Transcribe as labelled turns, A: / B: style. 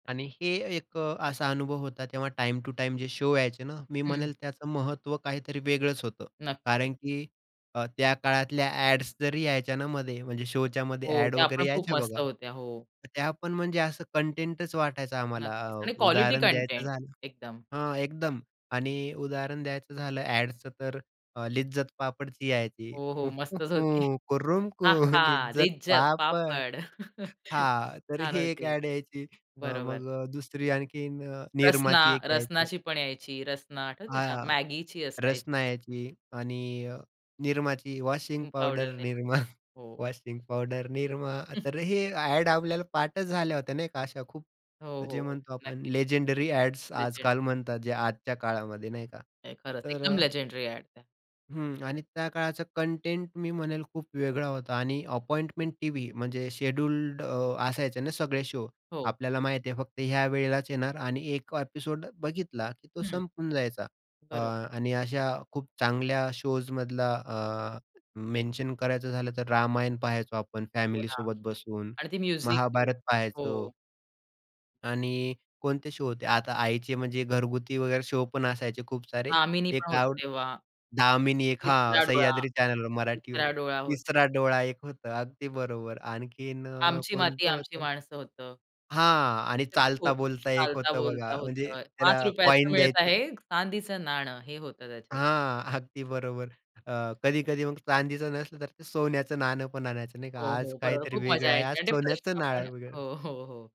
A: आणि हे एक अ, असा अनुभव होता, तेव्हा टाईम टू टाईम जे शो यायचे ना, मी
B: हं.
A: म्हणेल त्याचं महत्व काहीतरी वेगळंच होतं
B: नक्की.
A: कारण की अ, त्या काळातल्या अ‍ॅड्स जरी यायच्या ना, मध्ये म्हणजे शो च्या मध्ये
B: हो,
A: अ‍ॅड
B: त्या पण
A: वगैरे
B: खूप
A: यायच्या
B: मस्त
A: बघा,
B: होत्या. हो.
A: त्या पण म्हणजे असं कंटेंटच वाटायचा आम्हाला.
B: नक्कीच
A: अ,
B: आणि क्वालिटी
A: उदाहरण द्यायचं
B: कंटेंट
A: झालं
B: एकदम.
A: हां, एकदम, आणि उदाहरण द्यायचं झालं अ‍ॅडच, तर अ, "लिज्जत पापडची" यायची.
B: हो, हो. मस्तच होती.
A: "कुरुम
B: हां,
A: कुर
B: हां.
A: लिज्जत
B: लिज्जत
A: पापड."
B: पापड.
A: हां, तर
B: छान
A: ही एक
B: होती.
A: अ‍ॅड यायची. अ,
B: बरोबर.
A: मग अ, दुसरी आणखीन अ,
B: रसना
A: निरमाची एक यायची.
B: रसनाची पण यायची, रसना आठवतंय का?
A: हां,
B: Maggiची असायची.
A: रसना यायची आणि अ, निरमाची. वॉशिंग
B: हं,
A: पावडर
B: पावडर
A: निरमा,
B: [unintelligible] हो.
A: वॉशिंग पावडर निरमा तर हे अ‍ॅड आपल्याला पाठच झाल्या होत्या नाही का, अशा खूप
B: हो, हो,
A: म्हणजे
B: हो.
A: म्हणतो आपण
B: नक्कीच.
A: लेजेंडरी अ‍ॅड्स आजकाल
B: लेजेंडरी
A: म्हणतात जे आजच्या काळामध्ये नाही का,
B: नाही, खरंच
A: तर अ
B: एकदम लेजेंडरी अ‍ॅड आहे.
A: हं, आणि त्या काळाचा कंटेंट मी म्हणेल खूप वेगळा होता आणि अपॉइंटमेंट टीव्ही म्हणजे शेड्यूल्ड अ, असायचे ना, सगळे शो
B: हो.
A: आपल्याला माहिती आहे फक्त ह्या वेळेलाच येणार आणि 1 ॲपिसोड बघितला की तो
B: हं.
A: संपून जायचा. अ,
B: बरोबर.
A: आणि अशा खूप चांगल्या शोज मधला अ, मेन्शन करायचं झालं, तर रामायण पाहायचो आपण
B: हो ना,
A: फॅमिलीसोबत बसून,
B: आणि ती म्युझिक.
A: महाभारत पहायचो.
B: हो.
A: आणि कोणते शो होते, आता आईचे म्हणजे घरगुती वगैरे शो पण असायचे खूप सारे
B: "दामिनी"
A: एक
B: पण होतं
A: [unintelligible]
B: तेव्हा,
A: "दामिनी" एक हां,
B: तिसरा डोळा,
A: सह्याद्री चॅनेलवर मराठीवर,
B: तिसरा डोळा होतं.
A: तिसरा डोळा एक होता. अगदी बरोबर, आणखीन अ,
B: "आमची माती,
A: कोणतं
B: आमची
A: होतं?
B: माणसं" होतं.
A: हां आणि
B: [unintelligible] खूप
A: "चालता बोलता" एक
B: "चालता
A: होतं
B: बोलता
A: बघा, म्हणजे
B: होतं."
A: त्याला
B: ₹5चं
A: कॉइन
B: मिळत
A: द्यायचे
B: आहे चांदीचं नाणं हे होतं त्याच्यात.
A: हां, अगदी बरोबर, अ, कधी-कधी मग चांदीचं नसलं, तर ते सोन्याचं नाणं पण आणायचं नाही का,
B: हो,
A: आज
B: हो. बरोबर,
A: काहीतरी
B: खूप मजा
A: वेगळं आहे,
B: यायची
A: आज
B: आणि ते
A: सोन्याचं
B: प्रश्न पण
A: नाणं वेगळं.
B: हो, हो, हो.